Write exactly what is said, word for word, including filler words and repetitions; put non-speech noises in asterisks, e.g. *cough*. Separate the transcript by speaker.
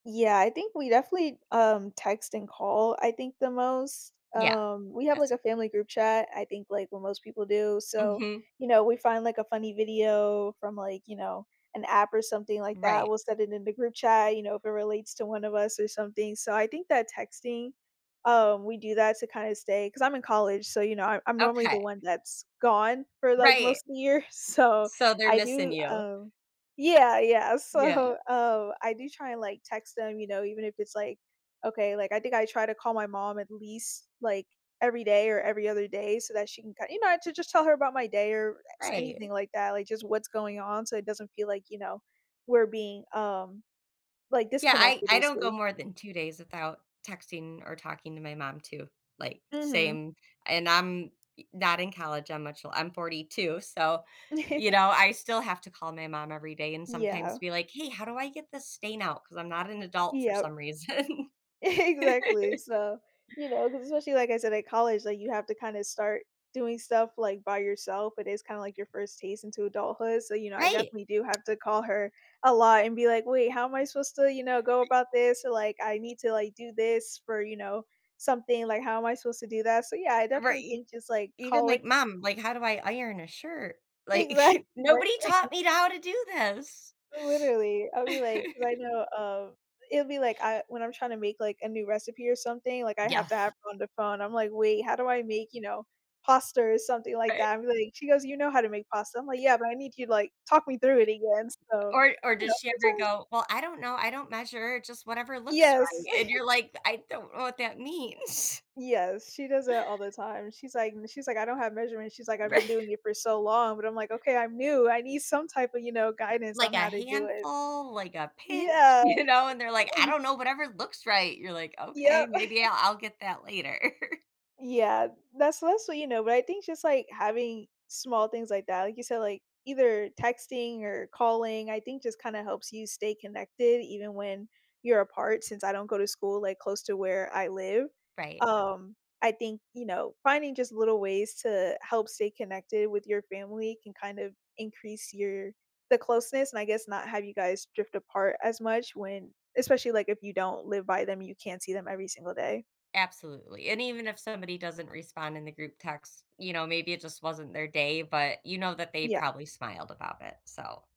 Speaker 1: Yeah, I think we definitely, um, text and call, I think the most,
Speaker 2: Yeah.
Speaker 1: um we have, like,
Speaker 2: That's
Speaker 1: a family group chat, I think, like, what most people do. So,
Speaker 2: Mhm.
Speaker 1: you know, we find, like, a funny video from, like, you know, an app or something like that,
Speaker 2: Right.
Speaker 1: we'll set it in the group chat, you know, if it relates to one of us or something. So I think that texting, um, we do that to kinda stay 'cause I'm in college, so, you know, I I'm normally the
Speaker 2: Okay.
Speaker 1: one that's gone for, like,
Speaker 2: Right.
Speaker 1: most of the year, so,
Speaker 2: So, they're
Speaker 1: I
Speaker 2: missing
Speaker 1: do,
Speaker 2: you.
Speaker 1: um Yeah, yeah.
Speaker 2: Yeah.
Speaker 1: So, um, I do try and, like, text them, you know, even if it's like okay, like, I think I try to call my mom at least, like, every day or every other day so that she can kin you know, to just tell her about my day or s anything
Speaker 2: Right.
Speaker 1: like that, like, just what's going on, so it doesn't feel like, you know, we're being, um, like,
Speaker 2: Yeah, I
Speaker 1: disconnected,
Speaker 2: I don't go
Speaker 1: basically.
Speaker 2: more than two days without texting or talking to my mom, too, like,
Speaker 1: Mhm.
Speaker 2: same. And I'm y not in college, I'm much li I'm forty two so, you
Speaker 1: *chuckles*
Speaker 2: know, I still have to call my mom every day and sometimes
Speaker 1: Yeah.
Speaker 2: be like, "Hey, how do I get this stain out? 'Cause I'm not an adult for some
Speaker 1: Yep.
Speaker 2: reason."
Speaker 1: Exactly.
Speaker 2: *chuckles*
Speaker 1: So, you know, 'cause especially, like I said, at college, like, you have to kinda start doing stuff, like, by yourself, it is kinda, like, your first taste into adulthood so, you know, I
Speaker 2: Right.
Speaker 1: definitely do have to call her a lot and be like, "Wait, how am I supposed to, you know, go
Speaker 2: E
Speaker 1: about this?" Or like, "I need to, like, do this for, you know, something, like, how am I supposed to do that?" So, yeah, I
Speaker 2: Uh, right,
Speaker 1: definitely
Speaker 2: e
Speaker 1: think just, like,
Speaker 2: even
Speaker 1: callin
Speaker 2: like, "Mom, like, how do I iron a shirt?"
Speaker 1: Exactly,
Speaker 2: Like, nobody
Speaker 1: li *chuckles*
Speaker 2: taught me to how to do this.
Speaker 1: Literally. I'll be like 'cause I
Speaker 2: *chuckles*
Speaker 1: know, um, it'll be, like, I when I'm trying to make, like, a new recipe or something, like, I
Speaker 2: Yeah,
Speaker 1: have to have
Speaker 2: f
Speaker 1: her on the phone, I'm like, "Wait, how do I make, you know, pasta or something like
Speaker 2: Right.
Speaker 1: that?" I'm like she goes, "You know how to make pasta." I'm, like, "Yeah, but I need you, like talk me through it again." So,
Speaker 2: Or or,
Speaker 1: you
Speaker 2: does
Speaker 1: know,
Speaker 2: she ever
Speaker 1: sometimes
Speaker 2: go, "Well, I don't know, I don't measure, just whatever looks
Speaker 1: Yes.
Speaker 2: right." And
Speaker 1: *chuckles*
Speaker 2: you're like, "Th I don't know what that means."
Speaker 1: Yes, she does it all the time, she's like m she's like, "I don't have measurements." She's like, "I've been
Speaker 2: Righ
Speaker 1: doing it for so long." But I'm like, "Okay, I'm new. I need some type of, you know, guidance
Speaker 2: Like
Speaker 1: on
Speaker 2: a
Speaker 1: how to do it."
Speaker 2: handful, like a pinch,
Speaker 1: Yeah.
Speaker 2: you know? And they're like, "I
Speaker 1: *chuckles*
Speaker 2: don't know, whatever looks right." You're like, "Okay,
Speaker 1: Yep.
Speaker 2: maybe I
Speaker 1: *chuckles*
Speaker 2: I'll get that later." *chuckles*
Speaker 1: Yeah. That's mostly you know, but I think just, like, having small things like that, like you said, like, either texting or calling, I think just kinda helps you stay connected even when you're apart since I don't go to school, like, close to where I live.
Speaker 2: Right.
Speaker 1: Um, I think, you know, finding just little ways to help stay connected with your family can kind of increase your the closeness and I guess not have you guys drift apart as much when especially, like, if you don't live by them, you can't see them every single day.
Speaker 2: Absolutely. And even if somebody doesn't respond in the group text, you know, maybe it just wasn't their day, but you know that they
Speaker 1: Yeah.
Speaker 2: probably smiled about it. So